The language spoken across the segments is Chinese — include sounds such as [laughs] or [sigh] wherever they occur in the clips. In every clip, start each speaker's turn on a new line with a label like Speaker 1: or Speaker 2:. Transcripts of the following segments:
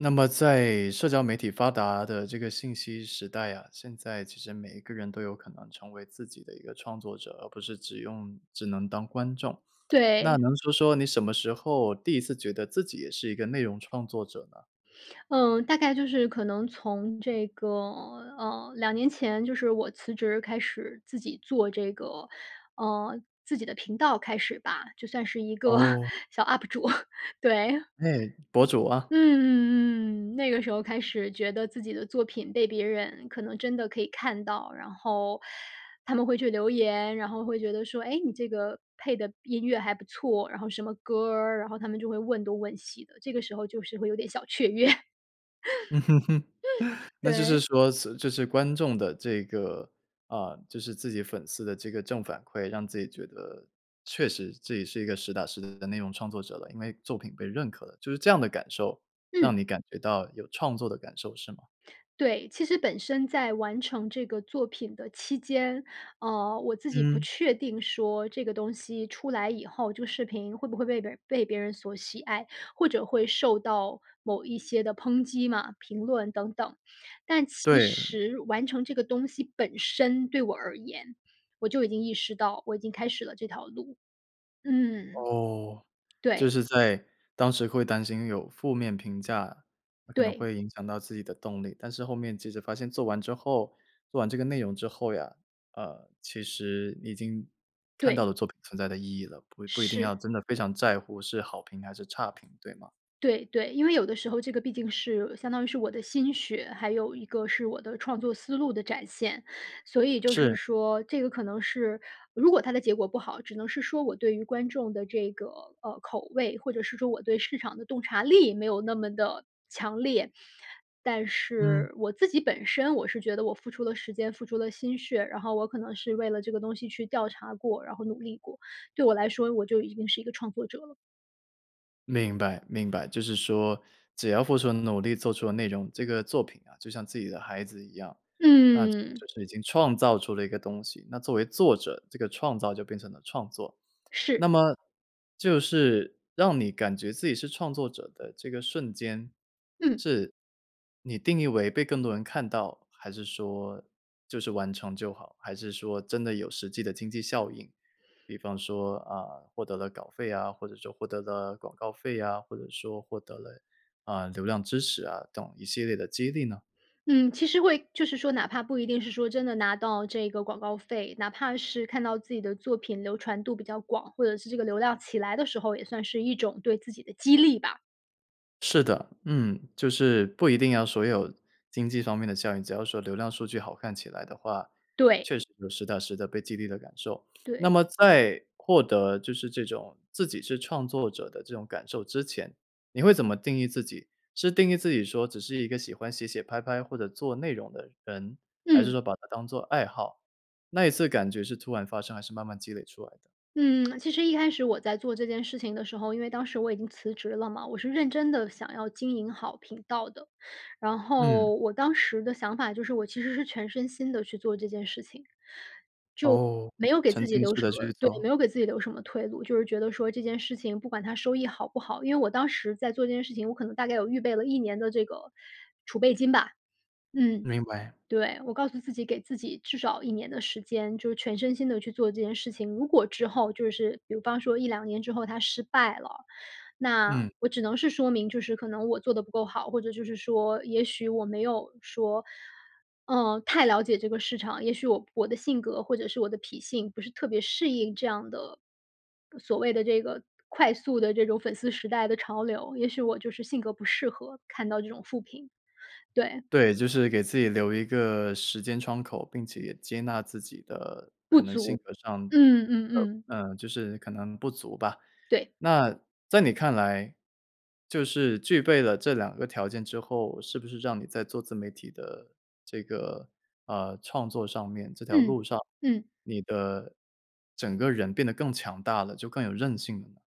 Speaker 1: 那么在社交媒体发达的这个信息时代啊，现在其实每一个人都有可能成为自己的一个创作者，而不是只用只能当观众。那
Speaker 2: 对。
Speaker 1: 能说说你什么时候第1次觉得自己也是一个内容创作者呢？
Speaker 2: 嗯，大概就是可能从这个呃，2年前，就是我辞职开始自己做这个，呃，自己的频道开始吧，就算是一个 [chuckles]
Speaker 1: 哦。
Speaker 2: 小 up 主，[chuckles] 对。[chuckles]
Speaker 1: 哎，博主啊。
Speaker 2: 嗯嗯嗯，那个时候开始觉得自己的作品被别人可能真的可以看到。然后，他们会去留言，然后会觉得说：“诶，你这个配的音乐还不错，然后什么歌儿？“然后他们就会问东问西的，这个时候就是会有点小雀跃。
Speaker 1: 嗯，[chuckles]
Speaker 2: [laughs]
Speaker 1: 那就是
Speaker 2: 对。
Speaker 1: 说辞就是观众的这个啊，就是自己粉丝的这个正反馈，让自己觉得，确实自己是一个实打实的内容创作者了。因为作品被认可了，就是这样的感受，让
Speaker 2: 嗯。
Speaker 1: 你感觉到有创作的感受是吗？
Speaker 2: 对，其实本身在完成这个作品的期间，呃，我自己不
Speaker 1: 嗯。
Speaker 2: 确定说这个东西出来以后，这个视频会不会被别人被别人所喜爱，或者会受到某一些的抨击嘛，评论等等。但其
Speaker 1: 对。
Speaker 2: 实完成这个东西本身对我而言，我就已经意识到我已经开始了这条路。嗯。
Speaker 1: 哦，就
Speaker 2: 对。
Speaker 1: 是在，当时会担心有负面评价，那可能
Speaker 2: 对。
Speaker 1: 会影响到自己的动力。但是后面即使发现做完之后做完这个内容之后呀，呃，其实你已经，看到
Speaker 2: 对。
Speaker 1: 了作品存在的意义了，不不一定要
Speaker 2: 是。
Speaker 1: 真的非常在乎是好评还是差评，对吗？
Speaker 2: 对对。因为有的时候这个毕竟是相当于是我的心血，还有一个是我的创作思路的展现。所以就是
Speaker 1: 是。
Speaker 2: 说这个可能是如果它的结果不好，只能是说我对于观众的这个，呃，口味，或者是说我对市场的洞察力没有那么地强烈。但
Speaker 1: 嗯。
Speaker 2: 是我自己本身我是觉得我付出了时间、付出了心血，然后我可能是为了这个东西去调查过，然后努力过，对我来说我就已经是一个创作者了。
Speaker 1: 明白明白。就是说只要付出了努力、做出了内容，这个作品啊，就像自己的孩子一样，那自己
Speaker 2: 嗯。
Speaker 1: 就是已经创造出了一个东西。那作为作者，这个创造就变成了创作，
Speaker 2: 是。
Speaker 1: 那么，就是，让你感觉自己是创作者的这个瞬间，
Speaker 2: 嗯。
Speaker 1: 是你定义为被更多人看到？还是说，就是完成就好？还是说真的有实际的经济效应？比方说，啊，获得了稿费啊，或者说获得了广告费啊，或者说获得了，呃，流量支持啊，等一系列的激励呢？
Speaker 2: 嗯，其实会就是说哪怕不一定是说真的拿到这个广告费，哪怕是看到自己的作品流传度比较广，或者是这个流量起来的时候，也算是一种对自己的激励吧。
Speaker 1: 是的，嗯，就是不一定要所有经济方面的效应，只要说流量数据好看起来的话，
Speaker 2: 对。
Speaker 1: 确实有实打实地被激励的感受。[sniffs] 那
Speaker 2: 对。
Speaker 1: 么在获得就是这种自己是创作者的这种感受之前，你会怎么定义自己？是定义自己说只是一个喜欢写写拍拍或者做内容的人？还是
Speaker 2: 嗯。
Speaker 1: 说把它当做爱好？那一次感觉是突然发生，还是慢慢积累出来的？
Speaker 2: 嗯，[tsk] 其实一开始我在做这件事情的时候，因为当时我已经辞职了嘛，我是认真地想要经营好频道的。然
Speaker 1: 嗯。
Speaker 2: 后我当时的想法就是，我其实是全身心地去做这件事情，就
Speaker 1: 哦，
Speaker 2: 没有给
Speaker 1: 沉
Speaker 2: 自己
Speaker 1: 浸
Speaker 2: 留
Speaker 1: 式
Speaker 2: 什
Speaker 1: 地
Speaker 2: 么
Speaker 1: 去
Speaker 2: 对，
Speaker 1: 做。
Speaker 2: 没有给自己留什么退路，就是觉得说这件事情不管它收益好不好。因为我当时在做这件事情，我可能大概有预备了1年的这个储备金吧。嗯，
Speaker 1: 明白。
Speaker 2: 对，我告诉自己，给自己至少1年的时间，就是全身心地去做这件事情。如果之后就是比方说1-2年之后它失败了，那
Speaker 1: 嗯。
Speaker 2: 我只能是说明就是可能我做得不够好，或者就是说也许我没有说，嗯，太了解这个市场，也许我我的性格或者是我的脾性不是特别适应这样的呃，所谓的这个快速的这种粉丝时代的潮流，也许我就是性格不适合看到这种负评。对。
Speaker 1: 对，就是给自己留一个时间窗口，并且也接纳自己的
Speaker 2: 不
Speaker 1: 可能性
Speaker 2: 足。
Speaker 1: 格上的
Speaker 2: 嗯嗯嗯嗯。
Speaker 1: 嗯，就是可能不足吧。
Speaker 2: 对。
Speaker 1: 那在你看来，就是具备了这2个条件之后，是不是让你在做自媒体的这个，呃，创作上面，这条
Speaker 2: 嗯。
Speaker 1: 路上，
Speaker 2: 嗯。
Speaker 1: 你的整个人变得更强大了，就更有韧性了呢？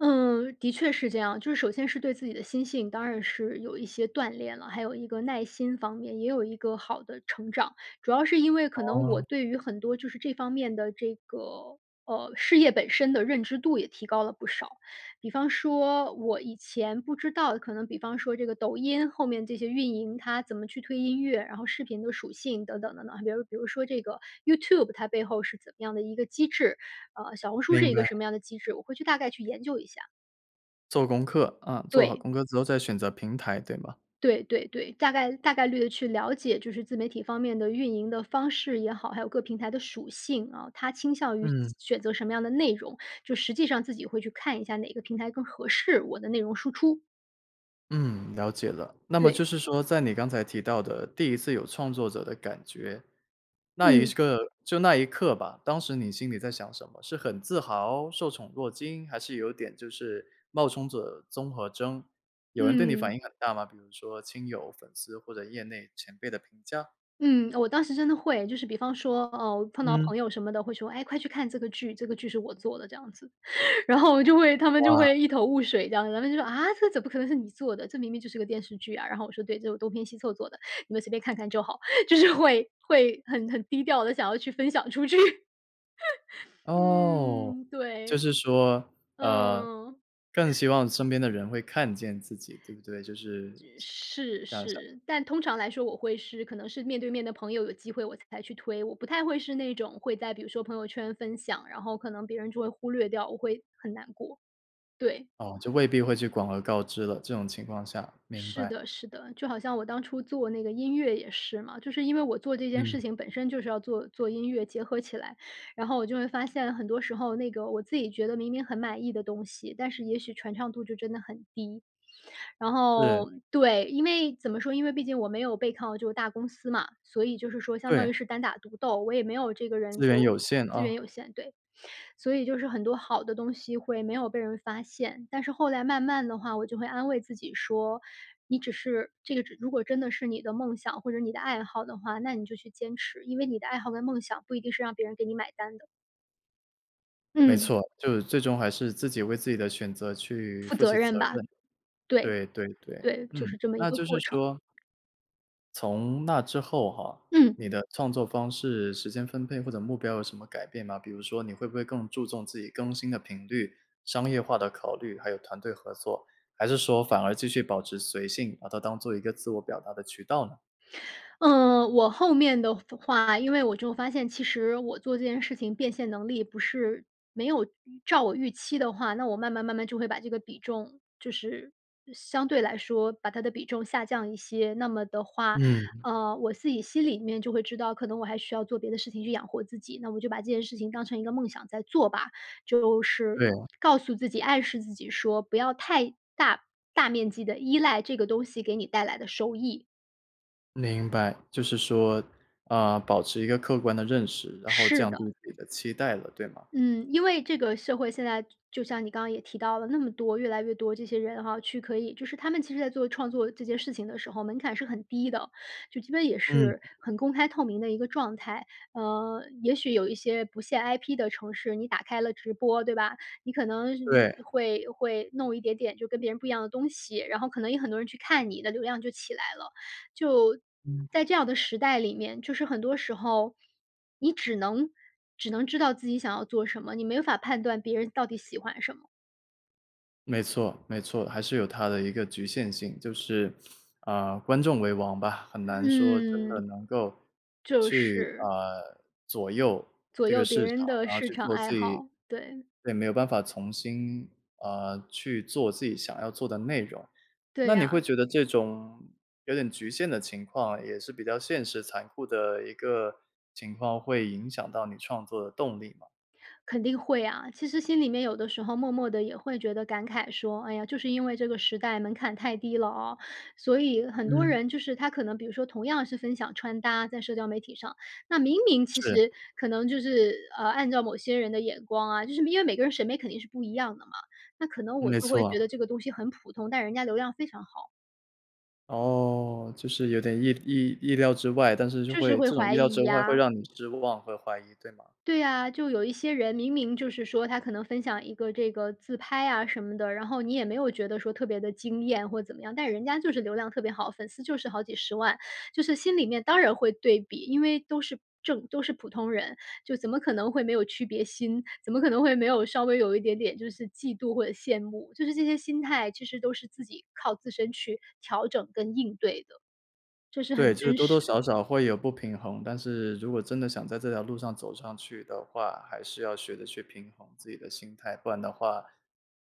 Speaker 2: 嗯，的确是这样。就是首先是对自己的心性，当然是有一些锻炼了。还有一个耐心方面，也有一个好的成长。主要是因为可能我
Speaker 1: 哦。
Speaker 2: 对于很多就是这方面的这个，呃，事业本身的认知度也提高了不少。比方说我以前不知道的，可能比方说这个抖音后面这些运营，它怎么去推音乐，然后视频的属性等等等等。还比如比如说这个 YouTube 它背后是怎么样的一个机制，呃，小红书是
Speaker 1: 明
Speaker 2: 一个
Speaker 1: 白。
Speaker 2: 什么样的机制，我会去大概去研究一下。
Speaker 1: 做功课，啊，做好
Speaker 2: 对。
Speaker 1: 功课之后再选择平台，对吗？
Speaker 2: 对对对，大概大概率地去了解，就是自媒体方面的运营的方式也好，还有各平台的属性啊。它倾向于选
Speaker 1: 嗯。
Speaker 2: 选择什么样的内容，就实际上自己会去看一下哪个平台更合适我的内容输出。
Speaker 1: 嗯，了解了。那么就
Speaker 2: 对。
Speaker 1: 是说在你刚才提到的第1次有创作者的感觉，那一
Speaker 2: 嗯。
Speaker 1: 时刻就那一刻吧，当时你心里在想什么？是很自豪？受宠若惊？还是有点就是冒充者综合征？有人对你
Speaker 2: 嗯。
Speaker 1: 反应很大吗？比如说亲友、粉丝或者业内前辈的评价？
Speaker 2: 嗯，我当时真的会。就是比方说，呃，我碰到
Speaker 1: 嗯。
Speaker 2: 朋友什么的，会说：“哎，快去看这个剧，这个剧是我做的。”这样子，然后我就会他们就
Speaker 1: 哇。
Speaker 2: 会一头雾水，这样子。然后他们就说：“啊，这怎么可能是你做的？这明明就是个电视剧啊！”然后我说：“对，这我东拼西凑做的，你们随便看看就好。”就是会会很很低调地想要去分享出去。[laughs]
Speaker 1: 哦，
Speaker 2: 嗯，
Speaker 1: 就
Speaker 2: 对。
Speaker 1: 是说，呃，
Speaker 2: 嗯。
Speaker 1: 更希望身边的人会看见自己，对不对？就是这
Speaker 2: 是
Speaker 1: 这样想。
Speaker 2: 是。但通常来说我会是可能是面对面的朋友，有机会我才去推。我不太会是那种会在比如说朋友圈分享，然后可能别人就会忽略掉，我会，很难过。对。
Speaker 1: 哦，就未必会去广而告之了，这种情况下，明
Speaker 2: 是
Speaker 1: 白。
Speaker 2: 的是的。就好像我当初做那个音乐也是嘛，就是因为我做这件
Speaker 1: 嗯。
Speaker 2: 事情本身就是要做做音乐结合起来。然后我就会发现很多时候那个我自己觉得明明很满意的东西，但是也许传唱度就真的很低。然
Speaker 1: 是。
Speaker 2: 后对，因为怎么说，因为毕竟我没有背靠这个大公司嘛，所以就是说相
Speaker 1: 对。
Speaker 2: 当于是单打独斗，我也没有这个人
Speaker 1: 资
Speaker 2: 给
Speaker 1: 源
Speaker 2: 我
Speaker 1: 有限，
Speaker 2: 资
Speaker 1: 啊。
Speaker 2: 源有限，对。所以就是很多好的东西会没有被人发现，但是后来慢慢的话，我就会安慰自己说：“你只是这个只如果真的是你的梦想或者你的爱好的话，那你就去坚持。“因为你的爱好跟梦想不一定是让别人给你买单的。
Speaker 1: 没
Speaker 2: 嗯。
Speaker 1: 错，就是最终还是自己为自己的选择去
Speaker 2: 负
Speaker 1: 负
Speaker 2: 责
Speaker 1: 起责
Speaker 2: 任吧。
Speaker 1: 任。
Speaker 2: 对，
Speaker 1: 对对对，
Speaker 2: 对，就
Speaker 1: 嗯，
Speaker 2: 是这么一
Speaker 1: 那
Speaker 2: 个
Speaker 1: 就是
Speaker 2: 过程。
Speaker 1: 说从那之后哈，
Speaker 2: 嗯。
Speaker 1: 你的创作方式、时间分配或者目标有什么改变吗？比如说你会不会更注重自己更新的频率、商业化的考虑，还有团队合作？还是说反而继续保持随性，把它当做一个自我表达的渠道呢？
Speaker 2: 嗯，我后面的发话，因为我就发现，其实我做这件事情变现能力不是没有预照我预期的话，那我慢慢慢慢就会把这个比重就是相对来说把它的比重下降一些。那么的话，
Speaker 1: 嗯。
Speaker 2: 呃，我自己心里面就会知道，可能我还需要做别的事情去养活自己，那我就把这件事情当成一个梦想在做吧。就是
Speaker 1: 对。
Speaker 2: 告诉自己，暗示自己说不要太大大面积地依赖这个东西给你带来的收益。
Speaker 1: 明白。就是说，啊，保持一个客观的认识，然后
Speaker 2: 是
Speaker 1: 降
Speaker 2: 的。
Speaker 1: 低自己的期待了，对吗？
Speaker 2: 嗯，因为这个社会现在就就像你刚刚也提到了，那么多越来越多这些人哈，去可以就是他们其实在做创作这件事情的时候，门槛是很低的。就基本也
Speaker 1: 嗯。
Speaker 2: 是很公开透明的一个状态。呃，也许有一些不限 IP 的城市，你打开了直播，对吧？你可能
Speaker 1: 对。
Speaker 2: 会会弄一点点就跟别人不一样的东西，然后可能也很多人去看，你的流量就起来了。就，
Speaker 1: 嗯。
Speaker 2: 在这样的时代里面，就是很多时候，你只能只能知道自己想要做什么，你没法判断别人到底喜欢什么。
Speaker 1: 没错没错，还是有它的一个局限性。就是，呃，观众为王吧，很难说真的
Speaker 2: 嗯。
Speaker 1: 能够
Speaker 2: 就
Speaker 1: 去，
Speaker 2: 是
Speaker 1: 呃，左右
Speaker 2: 左
Speaker 1: 这个
Speaker 2: 右别
Speaker 1: 市场，
Speaker 2: 人的
Speaker 1: 然后
Speaker 2: 市
Speaker 1: 去
Speaker 2: 场
Speaker 1: 做
Speaker 2: 爱
Speaker 1: 自己
Speaker 2: 好，对。
Speaker 1: 对，没有办法从心，呃，去做自己想要做的内容。那
Speaker 2: 对
Speaker 1: 你会
Speaker 2: 啊。
Speaker 1: 觉得这种有点局限的情况，也是比较现实残酷的一个情况，会影响到你创作的动力吗？
Speaker 2: 肯定会啊。其实心里面有的时候默默地也会觉得感慨说：“哎呀，就是因为这个时代门槛太低了啊。”所以很多
Speaker 1: 嗯。
Speaker 2: 人就是他可能比如说同样是分享穿搭，在社交媒体上，那明明其
Speaker 1: 是。
Speaker 2: 实可能就是，呃，按照某些人的眼光啊，就是因为每个人审美肯定是不一样的嘛。那可能
Speaker 1: 嗯，
Speaker 2: 我
Speaker 1: 没
Speaker 2: 就会觉
Speaker 1: 错。
Speaker 2: 得这个东西很普通，但人家流量非常好。
Speaker 1: 哦，就是有点意意意料之外，但是就
Speaker 2: 就是
Speaker 1: 会
Speaker 2: 会
Speaker 1: 这种
Speaker 2: 怀
Speaker 1: 意料之
Speaker 2: 疑
Speaker 1: 外会
Speaker 2: 啊。
Speaker 1: 让你失望、会怀疑，对吗？
Speaker 2: 对呀，就有一些人明明就是说，他可能分享一个这个自拍啊什么的，然后你也没有觉得说特别地惊艳或怎么样，但人家就是流量特别好，粉丝就是好几十万。就是心里面当然会对比，因为都是正都是普通人，就怎么可能会没有区别心？怎么可能会没有稍微有一点点就是嫉妒或者羡慕？就是这些心态其实都是自己靠自身去调整跟应对的。这是
Speaker 1: 对，
Speaker 2: 很
Speaker 1: 就是
Speaker 2: 真
Speaker 1: 多多
Speaker 2: 实。
Speaker 1: 少少会有不平衡，但是如果真的想在这条路上走上去的话，还是要学着去平衡自己的心态。不然的话，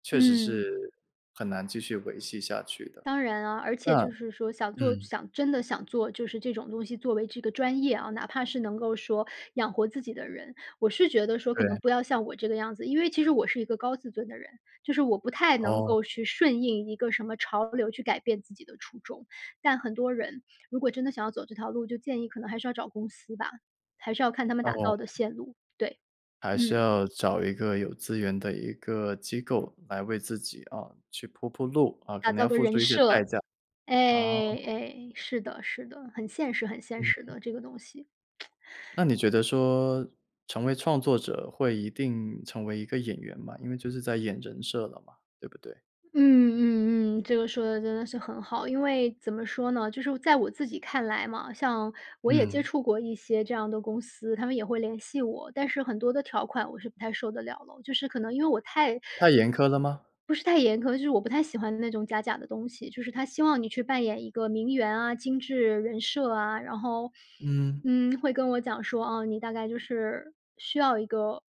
Speaker 1: 确实
Speaker 2: 嗯。
Speaker 1: 是很难继续维系下去的。
Speaker 2: 当然啊，而且
Speaker 1: 那
Speaker 2: 就是说想做
Speaker 1: 嗯。
Speaker 2: 想真的想做，就是这种东西作为这个专业啊，哪怕是能够说养活自己的人，我是觉得说可能
Speaker 1: 对。
Speaker 2: 不要像我这个样子。因为其实我是一个高自尊的人，就是我不太能
Speaker 1: 哦。
Speaker 2: 够去顺应一个什么潮流去改变自己的初衷。但很多人如果真的想要走这条路，就建议可能还是要找公司吧，还是要看他们打
Speaker 1: 哦。
Speaker 2: 造的线路，对。
Speaker 1: 还是
Speaker 2: 嗯。
Speaker 1: 要找一个有资源的一个机构来为自己，呃，去铺铺路啊，呃，可
Speaker 2: 打
Speaker 1: 能
Speaker 2: 造
Speaker 1: 要
Speaker 2: 个
Speaker 1: 付
Speaker 2: 人
Speaker 1: 出一些代
Speaker 2: 设，
Speaker 1: 价。
Speaker 2: 哎，
Speaker 1: 啊。
Speaker 2: 哎，是的是的。很现实很现实
Speaker 1: 嗯。
Speaker 2: 的，这个东西。[smacks lips]
Speaker 1: 那你觉得说，成为创作者会一定成为一个演员吗？因为就是在演人设了嘛，对不对？
Speaker 2: 嗯嗯嗯，这个说得真的是很好。因为怎么说呢，就是我在我自己看来嘛，像我也接
Speaker 1: 嗯。
Speaker 2: 触过一些这样的公司，他们也会联系我。但是很多的条款我是不太受得了咯。就是可能因为我太
Speaker 1: 太严苛了吗？
Speaker 2: 不是太严苛，就是我不太喜欢那种假假的东西。就是他希望你去扮演一个名媛啊、精致人设啊，然后，
Speaker 1: 嗯。
Speaker 2: 嗯，会跟我讲说：“哦，你大概就是需要一个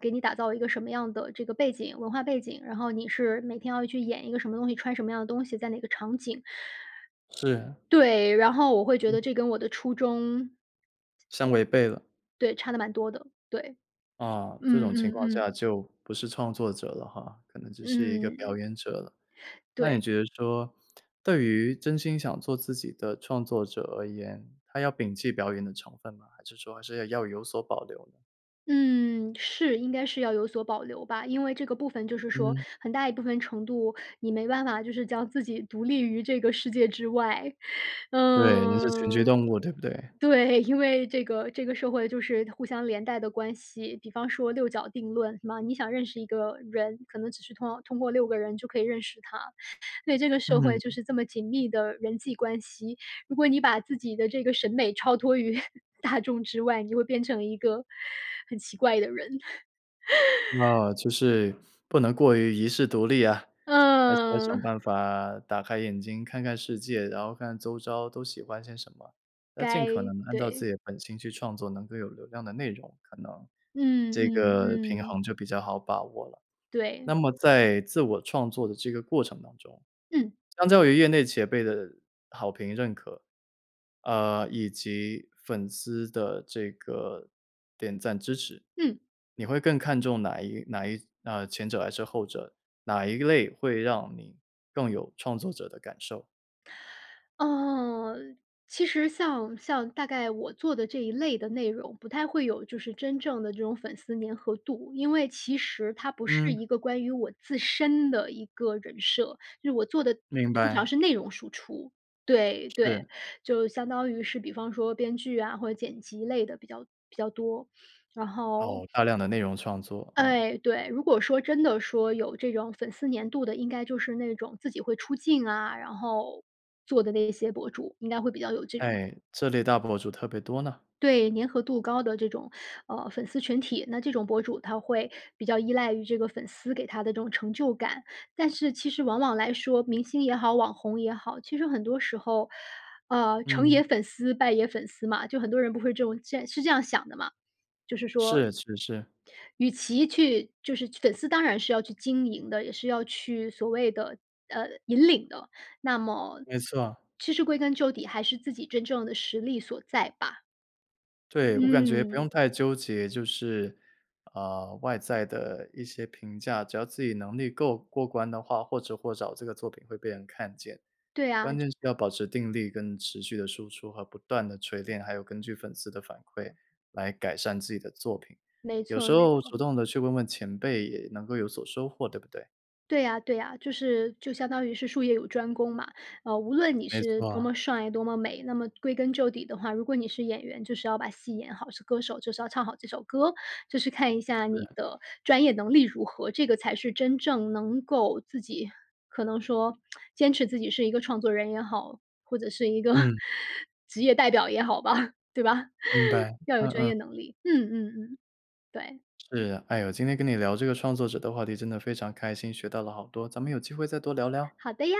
Speaker 2: 给你打造一个什么样的这个背景文化背景，然后你是每天要去演一个什么东西、穿什么样的东西、在哪个场景。”
Speaker 1: 是。
Speaker 2: 对，然后我会觉得
Speaker 1: 嗯。
Speaker 2: 这跟我的初衷
Speaker 1: 相违背了。
Speaker 2: 对，差得蛮多的，对。
Speaker 1: 啊，这
Speaker 2: 嗯
Speaker 1: 种情
Speaker 2: 嗯
Speaker 1: 况
Speaker 2: 嗯。
Speaker 1: 下就不是创作者了哈，可能只是一个表
Speaker 2: 嗯。
Speaker 1: 演者了。那你
Speaker 2: 对。
Speaker 1: 觉得说，对于真心想做自己的创作者而言，他要摒弃表演的成分吗？还是说还是要要有所保留呢？
Speaker 2: 嗯，是，应该是要有所保留吧。因为这个部分就是说，
Speaker 1: 嗯。
Speaker 2: 很大一部分程度，你没办法就是将自己独立于这个世界之外。
Speaker 1: 对，人是群居
Speaker 2: 嗯
Speaker 1: 动物对不对？
Speaker 2: 对，因为这个这个社会就是互相连带的关系，比方说“六角定论”嘛，你想认识一个人，可能只需通要通过6个人就可以认识他，对，这个社会就
Speaker 1: 嗯。
Speaker 2: 是这么紧密的人际关系。如果你把自己的这个审美超脱于大众之外，你会变成一个，很奇怪的人。[laughs]
Speaker 1: 那就是，不能过于遗世独立啊！还是还是想
Speaker 2: 嗯。
Speaker 1: 办法，打开眼睛看看世界，然后看看周遭都喜欢些什么。要尽
Speaker 2: 该
Speaker 1: 可能按照自
Speaker 2: 对。
Speaker 1: 己的本性去创作能够有流量的内容，可能，
Speaker 2: 嗯
Speaker 1: 这
Speaker 2: 嗯
Speaker 1: 个平
Speaker 2: 嗯。
Speaker 1: 衡就比较好把握了。那
Speaker 2: 对。
Speaker 1: 么在自我创作的这个过程当中，
Speaker 2: 嗯。
Speaker 1: 相较于业内前辈的好评认可，呃，以及粉丝的这个，点赞支持。
Speaker 2: 嗯。
Speaker 1: 你会更看重哪一哪一啊，前者还是后者，哪一类会让你更有创作者的感受？
Speaker 2: 呃，其实像像大概我做的这一类的内容，不太会有就是真正的这种粉丝粘合度。因为其实它不是
Speaker 1: 嗯。
Speaker 2: 一个关于我自身的一个人设，就是我做的
Speaker 1: 明
Speaker 2: 通常
Speaker 1: 白。
Speaker 2: 是内容输出，对对。
Speaker 1: 是。
Speaker 2: 就相当于是比方说编剧啊，或者剪辑类的比较比较多，然后
Speaker 1: 哦，大量的内容创作啊。
Speaker 2: 哎，对。如果说真的说有这种粉丝粘度的，应该就是那种自己会出镜啊，然后做的那些博主，应该会比较有这种
Speaker 1: 哎，这类大博主特别多呢。
Speaker 2: 对，粘合度高的这种，呃，粉丝群体，那这种博主他会比较依赖于这个粉丝给他的这种成就感。但是其实往往来说，明星也好、网红也好，其实很多时候，呃，成也
Speaker 1: 嗯。
Speaker 2: 粉丝，败也粉丝嘛。就很多人不会这种现在是这样想的嘛，就是说
Speaker 1: 是是是。
Speaker 2: 与其去就是去粉丝当然是要去经营的，也是要去所谓的呃，引领的。那么
Speaker 1: 没错。
Speaker 2: 其实归根究底还是自己真正的实力所在吧。
Speaker 1: 对，我感觉不
Speaker 2: 嗯。
Speaker 1: 用太纠结，就是，呃，外在的一些评价。只要自己能力够过关的话，或迟或早这个作品会被人看见。
Speaker 2: 对呀。
Speaker 1: 关键是要保持定力跟持续地输出和不断地锤炼，还有根据粉丝的反馈来改善自己的作品。
Speaker 2: 没
Speaker 1: 有
Speaker 2: 错
Speaker 1: 时
Speaker 2: 没
Speaker 1: 候主
Speaker 2: 错。
Speaker 1: 动地去问问前辈也能够有所收获，对不对？
Speaker 2: 对呀对呀，就是就相当于是术业有专攻嘛。呃，无论你
Speaker 1: 没
Speaker 2: 是多
Speaker 1: 错。
Speaker 2: 么帅多么美，那么归根究底的话，如果你是演员，就是要把戏演好，是歌手就是要唱好这首歌。就是看一下你
Speaker 1: 是。
Speaker 2: 的专业能力如何，这个才是真正能够自己可能说 [smacks lips] 坚持自己是一个创作人也好，或者是一个，
Speaker 1: 嗯。
Speaker 2: [chuckles] 职业代表也好吧，对吧？
Speaker 1: 明
Speaker 2: [chuckles]
Speaker 1: 白，
Speaker 2: 要有
Speaker 1: 嗯
Speaker 2: 专
Speaker 1: 嗯。
Speaker 2: 业能力，嗯嗯嗯，对。
Speaker 1: 是。哎呦，今天跟你聊这个创作者的话题真的非常开心，学到了好多，咱们有机会再多聊聊？
Speaker 2: 好的呀。